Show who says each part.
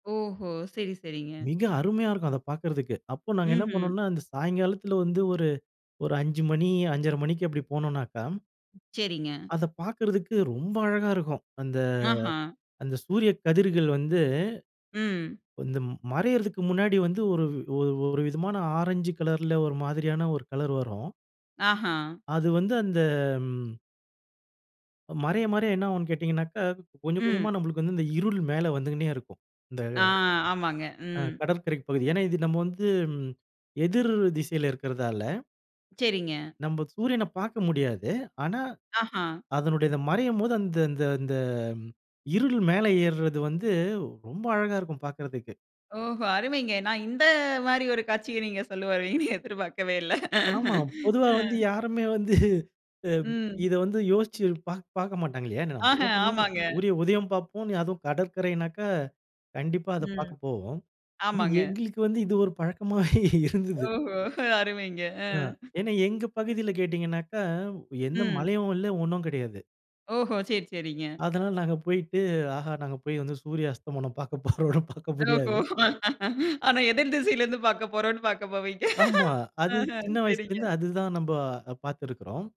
Speaker 1: ஓஹோ! சரி சரிங்க.
Speaker 2: மிக அருமையா இருக்கும் அத பார்க்கறதுக்கு. அப்ப நாங்க என்ன
Speaker 1: ம்ஹ்ம்.
Speaker 2: பண்ணோன்னா, அந்த சாயங்காலத்துல வந்து, ஒரு ஒரு 5:00 மணி 5:30 மணிக்கு அப்டி போனோனக்கா,
Speaker 1: செரிங்க.
Speaker 2: அத பார்க்கறதுக்கு ரொம்ப அழகா இருக்கும். அந்த
Speaker 1: அஹ.
Speaker 2: அந்த சூரிய கதிர்கள் வந்து,
Speaker 1: ம்.
Speaker 2: இந்த மறையறதுக்கு முன்னாடி வந்து, ஒரு ஒரு விதமான ஆரஞ்சு கலர்ல ஒரு மாதிரியான ஒரு கலர் வரும்.
Speaker 1: அஹ.
Speaker 2: அது வந்து அந்த மறைய மறைய என்ன ஆகுன்னு கேட்டீங்கனக்கா, கொஞ்சம் கொஞ்சமா
Speaker 1: ம்.
Speaker 2: நம்மளுக்கு வந்து, இந்த இருள் மேல வந்துகின்னே இருக்கும். இந்த
Speaker 1: ஆ ஆமாங்க.
Speaker 2: ஆ
Speaker 1: ம்.
Speaker 2: கடற்கரை பகுதி. ஏன்னா, இது நம்ம வந்து எதிர் திசையில இருக்கிறதால
Speaker 1: செரிங்க.
Speaker 2: நம்ப சூரியன பார்க்க முடியாது. ஆனா,
Speaker 1: அஹ.
Speaker 2: அதனுடைய மறையும் போது அந்த அந்த இந்த இருள் மேல ஏர்றது வந்து, ரொம்ப அழகா இருக்கும் பார்க்கறதுக்கு.
Speaker 1: ஓஹோ அருமைங்க. நான் இந்த மாரி ஒரு காட்சிய நீங்க சொல்ல வருவீங்கன்னு எதிர் பார்க்கவே இல்ல.
Speaker 2: ஆமா. பொதுவா வந்து
Speaker 1: ம்.
Speaker 2: யாருமே வந்து, அ,
Speaker 1: ம்.
Speaker 2: இத வந்து யோசிச்சு பா பார்க்க மாட்டாங்க இல்லையா? நம்ம
Speaker 1: அஹ
Speaker 2: என்ன பண்ணுவோம்?
Speaker 1: ஆமாங்க.
Speaker 2: சூரிய உதயம் பார்ப்போம் அதுவும் கடற்கரைனாக்கா, கண்டிப்பா அத
Speaker 1: ம்.
Speaker 2: பார்க்க போவோம். ஆனா,
Speaker 1: ஆமாங்க.
Speaker 2: எங்களுக்கு வந்து இது ஒரு பழக்கமாவே இருந்தது.
Speaker 1: ஓஹோ! அருமைங்க ஆ.
Speaker 2: ஆ. ஏன்னா எங்க பகுதியில கேட்டீங்கனாக்க, எந்த
Speaker 1: ம்.
Speaker 2: மலையும் இல்ல ஒண்ணும் கெடையாது.
Speaker 1: ஓஹோ! சரி சரிங்க.
Speaker 2: அதனால நாங்க போயிட்டு, ஆஹா நாங்க போய் வந்து சூரிய அஸ்தமனம் பார்க்க போறோன்னு பார்க்க
Speaker 1: ஓஹோ!
Speaker 2: முடியாது.
Speaker 1: ஆனா எதிர் திசையில இருந்து பாக்க போறோன்னு பாக்க போவீங்க.
Speaker 2: ஆமா. அது
Speaker 1: அஹ
Speaker 2: சின்ன
Speaker 1: சரிங்க.
Speaker 2: வயசுலருந்து அதுதான் நம்ப பார்த்திருக்றோம்.